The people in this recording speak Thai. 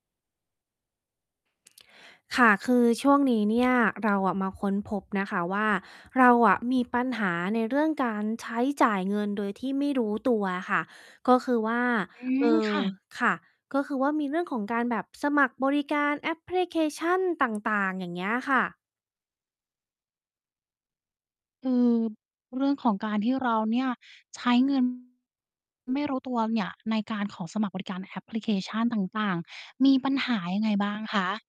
ค่ะ คือช่วงนี้ เนี่ย เราอะมาค้นพบนะคะว่า เราอะมีปัญหาในเรื่องการ ใช้จ่ายเงินโดยที่ไม่รู้ตัวอะค่ะ ก็คือว่า อืเอ่ม อ ค่ะ ค่ะ ก็คือว่า มีเรื่องของการแบบสมัครบริการแอปพลิเคชัน ต่าง ๆ อย่างเงี้ยค่ะ อืม เรื่องของการที่เราเนี่ย ใช้ เงิน ไม่รู้ ตัวเนี่ย ในการขอสมัคร บริการแอปพลิเคชันต่าง ๆ มีปัญหายังไงบ้างคะ?